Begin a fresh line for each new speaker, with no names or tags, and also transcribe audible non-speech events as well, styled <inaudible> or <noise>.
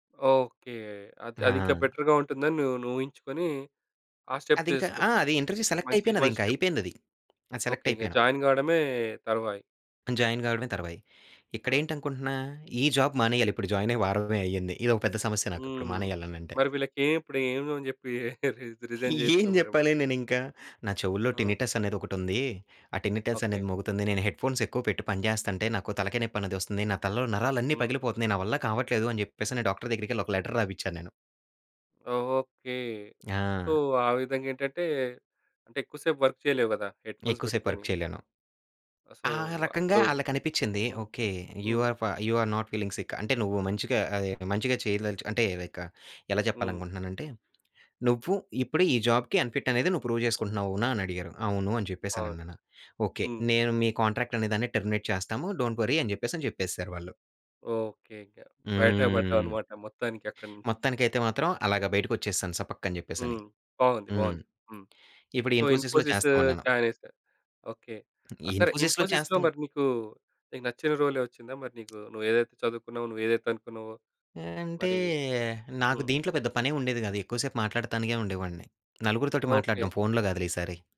Okay. అది అదింకా
ఆ!
బెటర్‌గా ఉంటుందని నువ్వు నువ్వు ఊహించుకొని ఆ స్టెప్
అదింకా ఆ!
తీసేసుకున్నావు.
అది ఇంటర్వ్యూ సెలెక్ట్
మంచి
అయిపోయినాది
మంచి
ఇంకా
స్టెప్.
అయిపోయిందది. అది
ఓకే.
సెలెక్ట్
ఇంక
అయిపోయాను.
జాయిన్ కావడమే తరువాయి.
జాయిన్ కావడమే తరువాయి.
ఆ!
ఇక్కడేంటనుకుంటున్న ఈ జాబ్ మానేయాలి ఇప్పుడు, జాయినయ్యి వారమే అయింది. ఇదొక పెద్ద సమస్య నాకిప్పుడు
హ్మ్.
మానేయాలనంటే.
మరి వీళ్ళకీ ఇప్పుడు ఏమని జెప్పి <chuckles> రి రిజైన్
<giggles> ఏం
జేస్తావు మరిప్పుడు?
చెప్పాలి నేనింకా? నా చెవుల్లో
ఆ!
టినిటస్ అనేది ఒకటుంది. ఆ! Tinnitus
okay.
అనేది మోగుతోంది. నేను హెడ్‌‌ఫోన్స్ ఎక్కువ పెట్టి పనిచేస్తుంటే నాకు తలకాయ నొప్పనేదొస్తుంది. నా తలలో నరాలన్నీ
హ్మ్.
పగిలిపోతున్నాయి. నా వల్ల కావట్లేదు, అని చెప్పేసి డాక్టర్ దగ్గరికెళ్లి ఒక లెటర్ రాపిచ్చా నేను.
ఓకే. సో,
ఆ!
ఆ విధంగా ఏంటంటే అంటే ఎక్కువ సేపు వర్క్ చేయలేవు గదా! హెడ్‌‌ఫోన్స్
ఎక్కువ సేపు
పెట్టుకొని.
వర్క్ చేయలేను.
సో,
ఆ! రకంగా
అప్పుడు
ఆళ్ళకనిపించింది
హ్మ్.
ఓకే. You
hmm.
ఆర్ ఫ you are not feeling sick అంటే నువ్వు మంచిగా ఆహ్, మంచిగా చేయదలచు అంటే లైక్ ఎలా
హ్మ్.
చెప్పాలనుకుంటున్నానంటే "నువ్వు ఇప్పుడు ఈ జాబ్‌కి అన్‌ఫిట్ అనేది నువ్వు ప్రూవ్ చేసుకుంటున్నావు. అవునా?" అని అడిగారు అవును. అని చెప్పేసి
అవును.
అనన్నాను. ఓకే.
హ్మ్.
నేను "మీ కాంట్రాక్ట్ అనే దాన్ని టెర్మినేట్ చేస్తాము డోంట్ వర్రీ." అని చెప్పేసి చెప్పేసారు వాళ్ళు.
ఓకే. ఇంక బయట
హ్మ్.
పడ్డావన్నమాట మొత్తానికి అక్కడి నుంచి.
మొత్తానికైతే మాత్రం అలాగా బయటికి వచ్చేసాను సపక్కని చెప్పేసని.
హ్మ్. బాగుంది.
హ్మ్.
బాగుంది. హ్మ్.
ఇప్పుడు ఈ
సో,
ఇన్ఫోసిస్‌లో
ఇన్ఫోసిస్
చేస్తా ఉన్నాను.
జాయిన్ చేసారు. ఓకే. సరే
ఇన్ఫోసిస్‌లో
ఇన్ఫోసిస్‌లో
చేస్తాం.
మరి నీకు నీకు నచ్చిన రోలే వచ్చిందా మరి నీకు నువ్వేదైతే చదువుకున్నావో, నువ్వేదైతే అనుకున్నావో
అంటే
మరి?
నాకు
హ్మ్.
దీంట్లో పెద్ద పనేముండేది కాదు. ఎక్కువ సేపు మాట్లాడతానికే ఉండేవాడిని. నలుగురితోటి మాట్లాడడం
ఓకే.
ఫోనులో కాదులే ఈసారి.